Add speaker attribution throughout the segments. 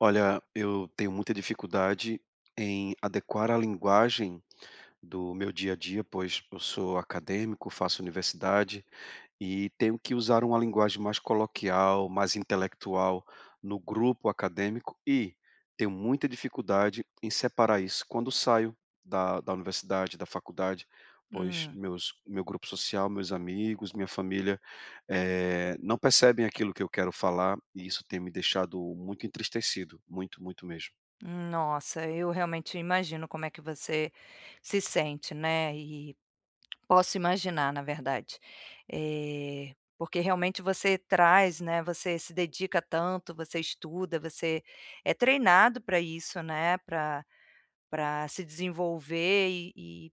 Speaker 1: Olha, eu tenho muita dificuldade em adequar a linguagem do meu dia a dia, pois eu sou acadêmico, faço universidade, e tenho que usar uma linguagem mais coloquial, mais intelectual, no grupo acadêmico, e tenho muita dificuldade em separar isso. Quando saio da da universidade, da faculdade, pois
Speaker 2: Hum.
Speaker 1: meus meu grupo social, meus amigos, minha família, eh, não percebem aquilo que eu quero falar, e isso tem me deixado muito entristecido. Muito, muito mesmo.
Speaker 2: Nossa, eu realmente imagino como é que você se sente, né, e posso imaginar, na verdade. Eh, porque realmente você traz, né, você se dedica tanto, você estuda, você é treinado pra isso, né, pra pra se desenvolver, e e,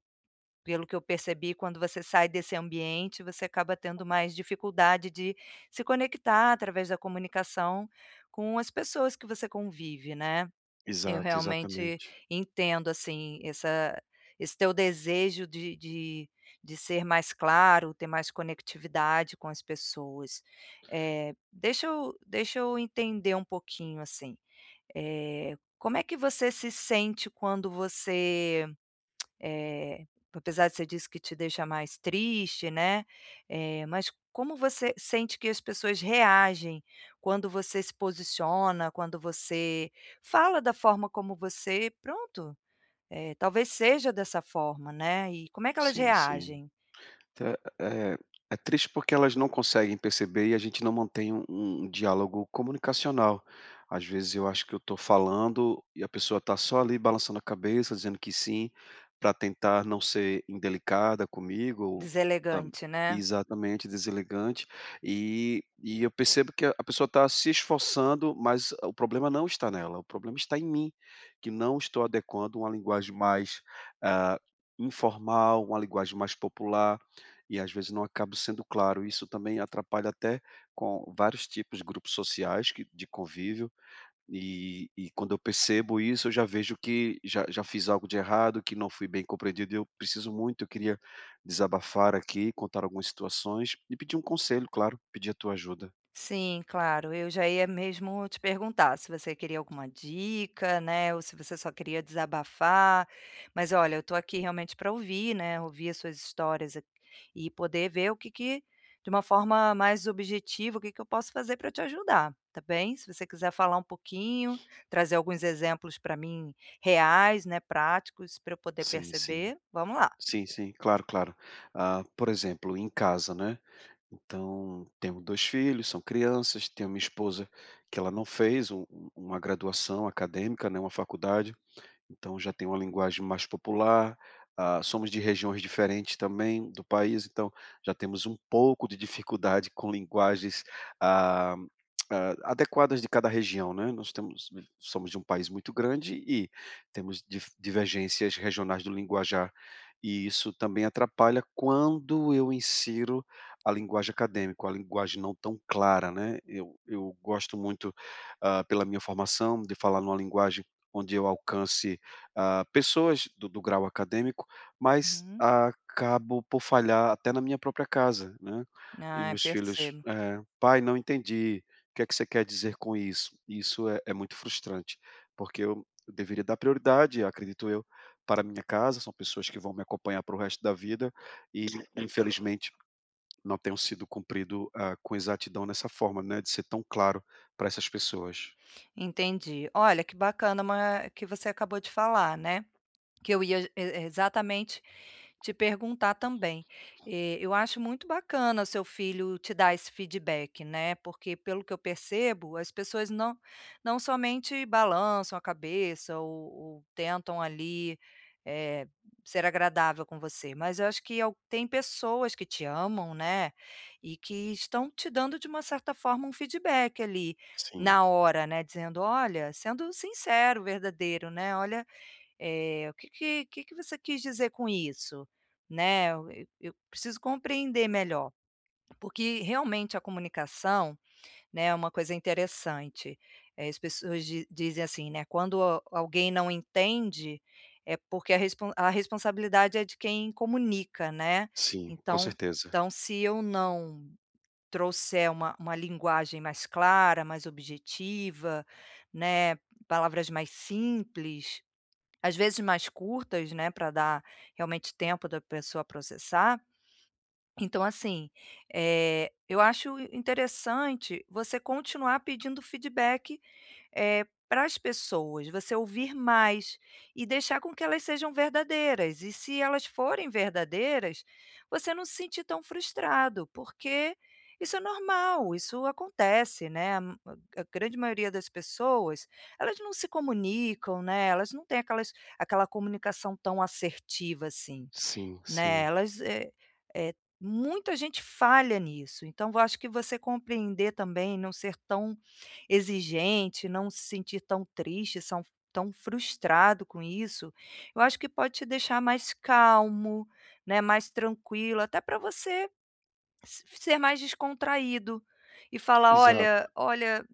Speaker 2: pelo que eu percebi, quando você sai desse ambiente, você acaba tendo mais dificuldade de se conectar através da comunicação com as pessoas que você convive, né. Eu
Speaker 1: Exato,
Speaker 2: realmente
Speaker 1: exatamente.
Speaker 2: entendo, assim, essa esse teu desejo de de de ser mais claro, ter mais conectividade com as pessoas. Eh, deixa eu deixa eu entender pouquinho, assim. Eh, como é que você se sente quando você eh, apesar que você disse que te deixa mais triste, né. Eh, mas como você sente que as pessoas reagem quando você se posiciona, quando você fala da forma como você, pronto, eh, talvez seja dessa forma, né, e como é que elas
Speaker 1: Sim, sim.
Speaker 2: reagem?
Speaker 1: Eh eh eh, é triste porque elas não conseguem perceber, e a gente não mantêm um um diálogo comunicacional. Às vezes eu acho que eu estou falando, e a pessoa está só, ali, balançando a cabeça, dizendo que "sim", pra tentar não ser indelicada comigo ou, tam
Speaker 2: Deselegante, né.
Speaker 1: exatamente, deselegante. E e eu percebo que a a pessoa tá se esforçando, mas o problema não está nela, o problema está em mim, que não estou adequando uma linguagem mais, ah, informal, uma linguagem mais popular, e às vezes não acabo sendo claro. Isso também atrapalha até com vários tipos de grupos sociais que de convívio. E e quando eu percebo isso, eu já vejo que já já fiz algo de errado, que não fui bem compreendido, e eu preciso muito Eu queria desabafar aqui, contar algumas situações, e pedir um conselho, claro, pedir a tua ajuda.
Speaker 2: Sim, claro. Eu já ia mesmo te perguntar, se você queria alguma dica, né, ou se você só queria desabafar. Mas olha, eu estou aqui, realmente, pra ouvir, né, ouvir as suas histórias aq e poder ver o que que, de uma forma mais objetiva, o que que eu posso fazer pra eu te ajudar, tá bem. Se você quiser falar pouquinho, trazer alguns exemplos pra mim, reais, né, práticos, pra eu poder
Speaker 1: Sim, sim.
Speaker 2: perceber. Vamos lá.
Speaker 1: Sim, sim, claro, claro. Ah, por exemplo, em casa, né, então, temos 2 filhos, são crianças, tenho uma esposa, que ela não fez u u uma graduação acadêmica, né, uma faculdade. Então já tem uma linguagem mais popular. Ah, somos de regiões diferentes também, do país, então já temos um pouco de dificuldade com linguagens, ah, a adequadas de cada região, né. Nós temos somos de um país muito grande, e temos dif divergências regionais do linguajar, e isso também atrapalha quando eu insiro a linguagem acadêmica, uma linguagem não tão clara, né. Eu eu gosto muito, ah, pela minha formação, de falar numa linguagem onde eu alcance, ah, pessoas do do grau acadêmico, mas
Speaker 2: Hum.
Speaker 1: acabo por falhar até na minha própria casa, né. E
Speaker 2: Ai,
Speaker 1: meus filhos,
Speaker 2: percebo.
Speaker 1: eh, "Pai, não entendi. O que é que você quer dizer com isso?". Isso é é muito frustrante, porque eu eu deveria dar prioridade, acredito eu, para a minha casa, são pessoas que vão me acompanhar pelo resto da vida e, infelizmente, não tenho sido cumprido, hã, com exatidão nessa forma, né, de ser tão claro pra essas pessoas.
Speaker 2: Entendi. Olha, que bacana ma que você acabou de falar, né. Que eu ia e e exatamente te perguntar também. Eh, eu acho muito bacana o seu filho te dar esse feedback, né, porque pelo que eu percebo, as pessoas não não somente balançam a cabeça ou ou tentam, ali, eh, ser agradável com você, mas eu acho que é o tem pessoas que te amam, né, e que estão te dando, de uma certa forma, um feedback, ali,
Speaker 1: Sim.
Speaker 2: na hora, né. Dizendo: "Olha", sendo sincero, verdadeiro, né, "Olha, eh, o que que o que que você quis dizer com isso? Né, eu eu eu preciso compreender melhor". Porque, realmente, a comunicação, né, é uma coisa interessante, eh, as pessoas di dizem assim, né: "Quando a alguém não entende, é porque a respon a responsabilidade é de quem comunica, né".
Speaker 1: Sim, com
Speaker 2: Então
Speaker 1: certeza.
Speaker 2: então se eu não trouxer uma uma linguagem mais clara, mais objetiva, né, palavras mais simples, às vezes mais curtas, né, pra dar, realmente, tempo da pessoa processar. Então assim, eh, eu acho in interessante você continuar pedindo feedback, eh, para as pessoas. Você ouvir mais, e deixar com que elas sejam verdadeiras, e se elas forem verdadeiras, você não se sentir tão frustrado, porque isso é normal, isso acontece, né, a m a a grande maioria das pessoas, elas não se comunicam, né, elas não têm aquelas aquela comunicação tão assertiva, assim,
Speaker 1: Sim,
Speaker 2: né.
Speaker 1: sim.
Speaker 2: Elas, eh eh, muita gente falha nisso, então eu acho que você compreender também, não ser tão exigente, não se sentir tão triste, são tão frustrado com isso, eu acho que pode te deixar mais calmo, né, mais tranquilo, até pra você se ser mais descontraído, e falar:
Speaker 1: Exato.
Speaker 2: "Olha olha,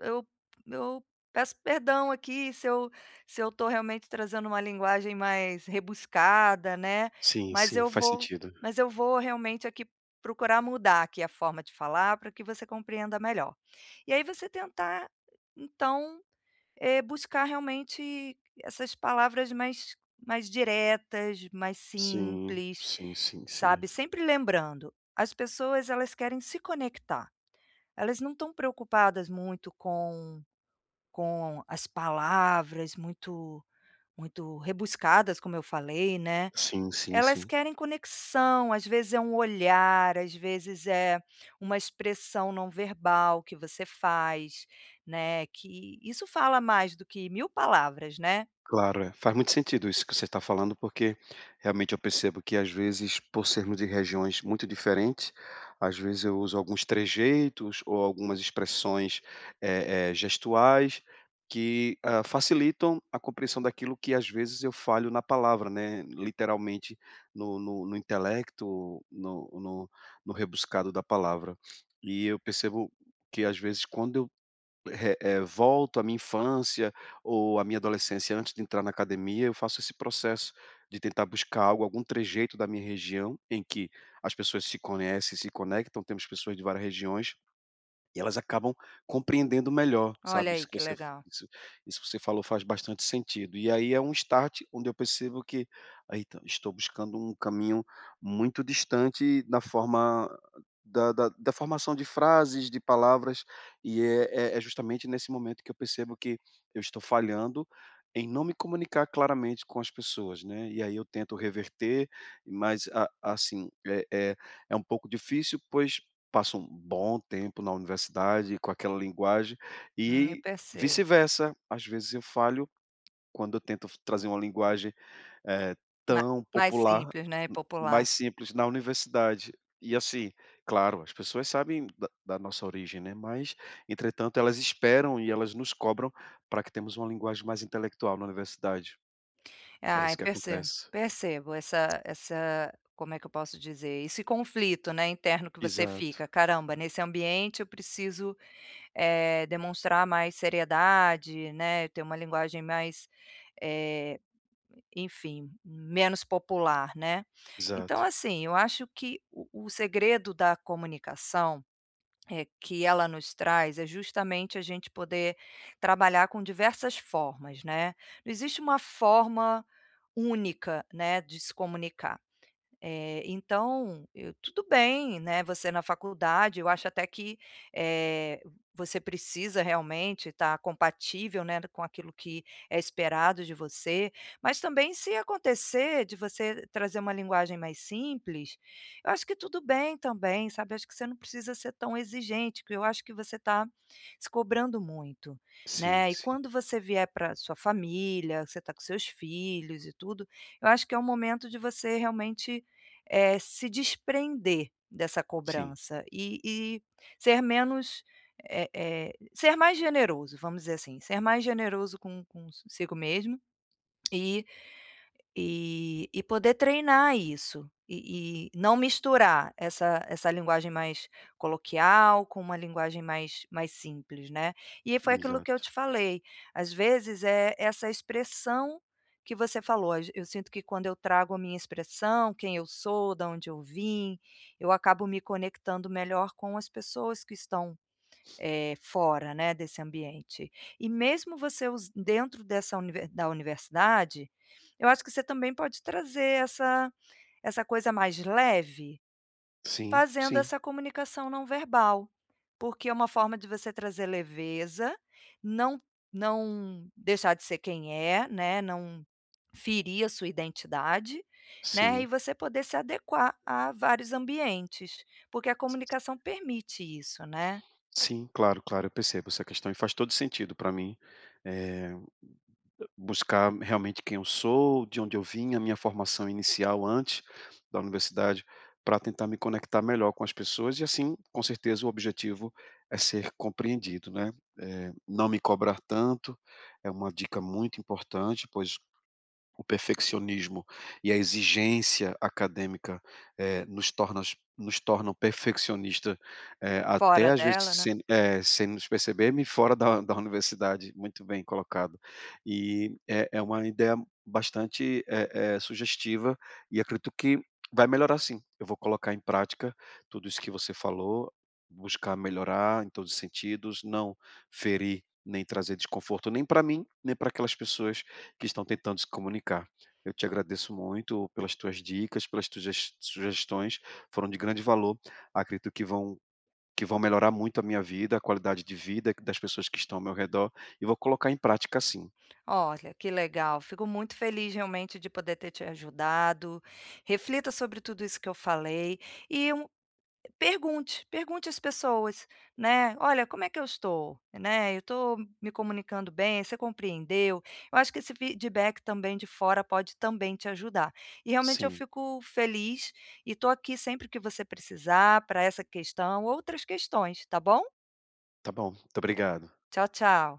Speaker 2: eu eu peço perdão aqui se eu se eu estou realmente trazendo uma linguagem mais rebuscada, né,
Speaker 1: Sim,
Speaker 2: mas
Speaker 1: sim.
Speaker 2: eu
Speaker 1: Faz
Speaker 2: vou
Speaker 1: sentido.
Speaker 2: mas eu vou realmente, aqui, procurar mudar, aqui, a forma de falar, pra que você compreenda melhor". E aí você tentar, então, eh, buscar realmente essas palavras mais mais diretas, mais
Speaker 1: Sim.
Speaker 2: simples,
Speaker 1: Sim, sim, sim.
Speaker 2: sabe, sempre lembrando, as pessoas elas querem se conectar. Elas não estão preocupadas muito com com as palavras muito muito rebuscadas, como eu falei, né.
Speaker 1: Sim, sim,
Speaker 2: Elas
Speaker 1: sim.
Speaker 2: querem conexão, às vezes é um olhar, às vezes é uma expressão não-verbal que você faz, né, que isso fala mais do que 1000 palavras, né.
Speaker 1: Claro, eh, faz muito sentido isso que você está falando, porque, realmente, eu percebo que às vezes, por sermos de regiões muito diferentes, às vezes eu uso alguns trejeitos ou algumas expressões, eh eh, gestuais que, hã, facilitam a compreensão daquilo que às vezes eu falho na palavra, né, literalmente no no no intelecto, no no no rebuscado da palavra. E eu percebo que, às vezes, quando eu, eh eh, volto à minha infância, ou à minha adolescência, antes de entrar na academia, eu faço esse processo de tentar buscar algo, algum trejeito da minha região em que as pessoas se conhecem e se conectam. Temos pessoas de várias regiões, e elas acabam compreendendo melhor,
Speaker 2: Olha
Speaker 1: sabe,
Speaker 2: aí,
Speaker 1: isso que
Speaker 2: que
Speaker 1: você f
Speaker 2: legal.
Speaker 1: isso isso que você falou faz bastante sentido. E aí é um start, onde quando percebo que, aí então, estou buscando um caminho muito distante da forma da da da formação de frases, de palavras, e é é é justamente nesse momento que eu percebo que eu estou falhando em não me comunicar claramente com as pessoas, né, e aí eu tento reverter, mas a assim, é é é um pouco difícil, pois passo um bom tempo na universidade, com aquela linguagem,
Speaker 2: Hum, eu
Speaker 1: e
Speaker 2: percebo.
Speaker 1: vice-versa, às vezes eu falho quando eu tento f trazer uma linguagem, eh,
Speaker 2: Ma
Speaker 1: tão
Speaker 2: mais
Speaker 1: popular,
Speaker 2: simples, né,
Speaker 1: m
Speaker 2: popular.
Speaker 1: mas simples na universidade. E assim, claro, as pessoas sabem da da nossa origem, né, mas, entretanto, elas esperam e elas nos cobram pra que temos uma linguagem mais intelectual na universidade. É isso
Speaker 2: Ai,
Speaker 1: que
Speaker 2: percebo.
Speaker 1: acontece.
Speaker 2: Percebo, essa essa como é que eu posso dizer? Esse conflito, né, interno que você
Speaker 1: Exato.
Speaker 2: fica, "Caramba, nesse ambiente eu preciso, eh, demonstrar mais seriedade, né, ter uma linguagem mais, eh, enfim, menos popular, né". Então
Speaker 1: Exato.
Speaker 2: assim, eu acho que o o segredo da comunicação, eh, que ela nos traz, é justamente a gente poder trabalhar com diversas formas, né. Não existe uma forma única, né, de se comunicar. Eh, então eu tudo bem, né, você na faculdade, eu acho até que, eh, você precisa, realmente, estar compatível, né, d com aquilo que é esperado de você, mas também se acontecer de você trazer uma linguagem mais simples, eu acho que tudo bem também, sabe. Eu acho que você não precisa ser tão exigente, porque eu acho que você tá se cobrando muito,
Speaker 1: Sim,
Speaker 2: né. E
Speaker 1: sim.
Speaker 2: quando você vier pra sua família, você tá com seus filhos e tudo, eu acho que é o momento de você, realmente, eh, se desprender dessa
Speaker 1: Sim.
Speaker 2: cobrança, e e ser menos eh eh, ser mais generoso, vamos dizer assim, ser mais generoso con consigo mesmo, e e e poder treinar isso, e e não misturar essa essa linguagem mais coloquial com uma linguagem mais mais simples, né. E aí foi aquilo que eu
Speaker 1: Exato.
Speaker 2: te falei, às vezes, eh, essa expressão que você falou: "Às eu sinto que quando eu trago a minha expressão, quem eu sou, da onde eu vim, eu acabo me conectando melhor com as pessoas que estão, eh, fora, né, desse ambiente". E mesmo você usa dentro dessa u da universidade, eu acho que você também pode trazer essa essa coisa mais leve,
Speaker 1: Sim,
Speaker 2: fazendo
Speaker 1: sim.
Speaker 2: essa comunicação não-verbal. Porque é uma forma de você trazer leveza, não não deixar de ser quem é, né, não ferir a sua identidade, né, e
Speaker 1: Sim.
Speaker 2: você poder se adequar a vários ambientes, porque a comunicação permite isso, né.
Speaker 1: Sim, claro, claro. Eu percebo essa questão, e faz todo sentido pra mim, eh, a buscar realmente quem eu sou, de onde eu vim, a minha formação inicial antes da universidade, pra tentar me conectar melhor com as pessoas e assim, com certeza, o objetivo é ser compreendido, né. Eh, não me cobrar tanto, é uma dica muito importante, pois o perfeccionismo e a exigência acadêmica, eh, nos tornas nos tornam perfeccionista, eh, até
Speaker 2: Fora
Speaker 1: às vezes
Speaker 2: dela, né.
Speaker 1: sem, eh, sem nos perceber-me, fora da da universidade, muito bem colocado. E é é uma ideia bastante, eh eh, sugestiva, e acredito que vai melhorar sim. Eu vou colocar em prática tudo isso que você falou. Buscar melhorar, em todos os sentidos. Não ferir, nem trazer desconforto nem pra mim, nem pra aquelas pessoas que estão tentando se comunicar. Eu te agradeço muito pelas tuas dicas, pelas tuges sugestões, foram de grande valor. Acredito que vão que vão melhorar muito a minha vida, a qualidade de vida q das pessoas que estão ao meu redor, e vou colocar em prática, sim.
Speaker 2: Olha, que legal, fico muito feliz, realmente, de poder ter te ajudado. Reflita sobre tudo isso que eu falei e um pergunte, pergunte às pessoas, né, "Olha, como é que eu estou? Né, eu estou m me comunicando bem, você compreendeu?". Eu acho que esse feedback também, de fora, pode também te ajudar. E realmente eu
Speaker 1: Sim.
Speaker 2: fico feliz, e estou aqui sempre que você precisar, pra essa questão, outras questões, tá bom?
Speaker 1: Tá bom, muito obrigado.
Speaker 2: Tchau, tchau.